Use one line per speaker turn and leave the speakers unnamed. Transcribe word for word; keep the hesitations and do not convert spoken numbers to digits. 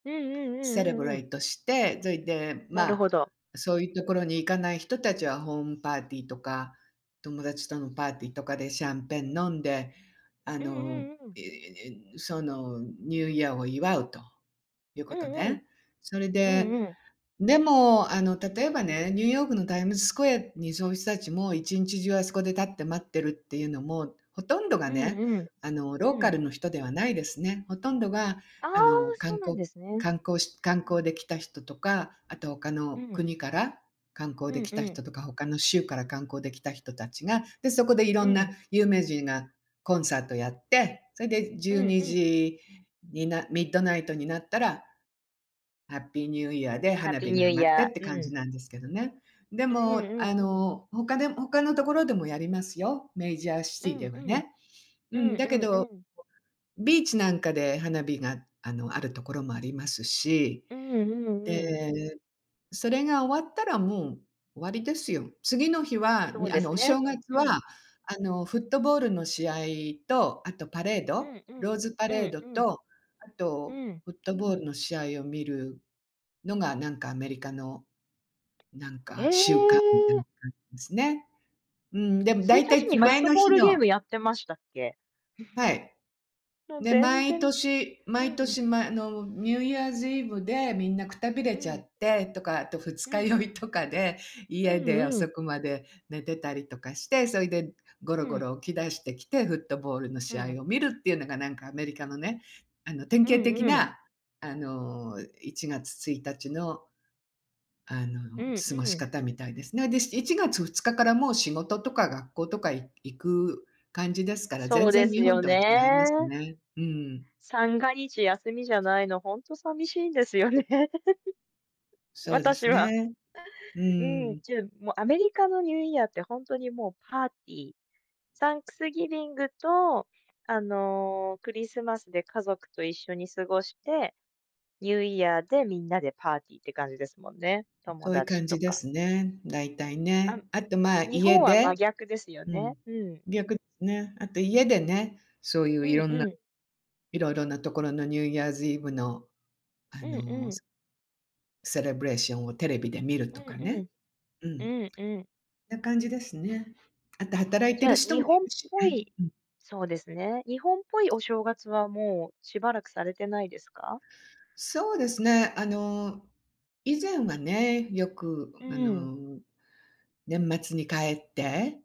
うんうんう
セレ
ん
ブ
うんう
レ
ん。
イトして、そいで、ま
なる
あ、
ほど。
そういうところに行かない人たちはホームパーティーとか、友達とのパーティーとかでシャンペン飲んで、あ
うん
の、
うんうん。
ええ、その、ニューイヤーを祝うという
う
こと
んうん。
ね。それ
うん
で、
うん。
でも、あの、例えばね、ニューヨークのタイムズスクエアにそういう人たちも一日中あそこで立って待ってるっていうのも、ほとんどが
うん
ね、
うん、
あの、
う
ローカ
ん。
ルの人ではないですね。ほとんどが、
ああ、
あの、観
そうなん
光
ですね。
観光し観
うん。
光で来た人とか、あと他の
うん。
国から観光
う
で
ん
来
う
た
ん。
人とか、他の州から観光で来た人たちが、で、そこでいろ
う
んな
ん。
有名人がコンサートやって、それでじ
う
ゅう
ん
に
うん。
じになミッドナイトになったら、ハッピーニューイヤーで
ハッ
花
ピー
火
ニ
が
ュー
上
イ
がって
ヤ
って
ー、
感
う
じ
ん。
なんですけどね。で
うう
も、
んう
あ
んうん。
の、他で他のところでもやりますよ、メイジャーシ
う
ティ
ん
では
うん。
ね。う
うん
ん、だ
う
け
んう
ど
ん。
ビーチなんかで花火が、あの、あるところもありますし。
うんうんうん。
で、それが終わったら、もう終わりですよ。次の日は、
そ
に
う
あ
で
の、
す
お
ね、
正月
う
は、
ん。
あの、フットボールの試合と、あとパレー
う
ド、
んうん。
ローズパ
う
レー
ん
ド
うん。
と、あと
うん。
フットボールの試合を見るのが、なんか、アメリカの、なん
へ
か、習慣みたい
え。
な感じですね。うん、でも
つい
大
たち
体つ
にフッ
前
ト
の
ボー
日
ルゲー
の
ムやってましたっけ？
はい。
もう
で、
全
毎
然
年
う
毎
ん。
年前のニューイヤーズイブでみんなくたびれ
う
ちゃ
ん。
ってとか、あと二
う
日
ん。
酔いとかで
う
家で
んう
遅
ん。
くまで寝てたりとかして、それでゴ
う
ロゴ
ん。
ロ起き出してきて、フットボールの
う
試合
ん。
を見るっていうのが、なんか、アメリカのね、あの、典
う
型
ん
的
うん。
な、あの、いちがつついたちの、あ
う
の、
ん
過ご
う
し
ん。
方みたいですね。で、いちがつふつかからもう仕事とか学校とか行く感じですから、
そ
全
うで
然
す
日本
よ
とは違います
ね。
ね。うーん。
三が日休みじゃないの、ほんと寂しいんですよね。
そうで
私
す
は。
ね。う
う
ー
ん、
ん。
じゃあ、もうアメリカのニューイヤーって、ほんとにもうパーティー。サンクスギビングと、あのクリスマスで家族と一緒に過ごして、ニューイヤーでみんなでパーティーって感じですもんね。友
そういう
達
感
と
じで
か。
すね、だいたい
あ、
ね。あと、まあ、
日
家
本は真
で
逆ですよ
う
ね。
ん。
うん。
逆すね。あと家でね、そうい
う
うい
ん
ろんな
うん。
いろいろなところのニューイヤーズイブの、あ
うん
の
うん。
セレブレーションをテレビで見る
う
と
ん
か
う
ね。
ん。
う
う
ん。
んうん。
な感じですね。あと働いて
じゃ
る
あ、
人
日
もい
本
るし
ぽ
ね。
い
うん。
そうですね、日本ぽいお正月は、もうしばらくされてないですか？
そうですね、あの、以前はね、よく、
う
あ
ーん。
の、年末に帰って